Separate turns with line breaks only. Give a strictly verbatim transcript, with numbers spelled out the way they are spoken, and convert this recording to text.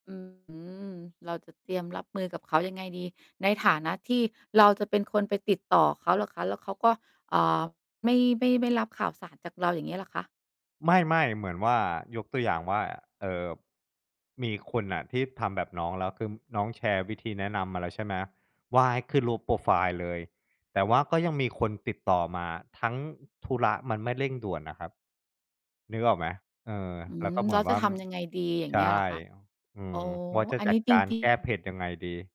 อื้อฮือ เราจะเตรียมรับมือกับเขายังไงดี? ในฐานะที่เราจะเป็นคนไปติดต่อเขาเหรอคะ? แล้วเขาก็ อ่า ไม่ ไม่ ไม่รับข่าวสารจากเรา อย่างเงี้ยเหรอคะ?
ไม่ ๆ เหมือนว่า ยกตัวอย่างว่า เอ่อ มีคนน่ะที่ทำแบบน้องแล้ว คืม น้องแชร์วิธีแนะนำมาแล้วใช่ไหมว่า ให้ขึ้นรูปโพรไฟล์ เลย แต่ว่าก็ยังมีคนติดต่อมาทั้งธุระมันไม่เร่งด่วนน่ะครับ นึกออกไหม? เออ
อื
แล้ว
ม
ก็เหม
แ
ื
ล้
อน
ว
ว
จะ
่า
ท
ม
ำยังไงดี อย่า
ใ
ง
ช
เง
่
ี้ยเหรอ คะ?
อื
อ๋อ
ม ว่าจะ
อัน
จ
น
ั
ี้
ด
จ
การ
ริ
แ
ง
ก้
ๆ
เผ็ดยังไงดี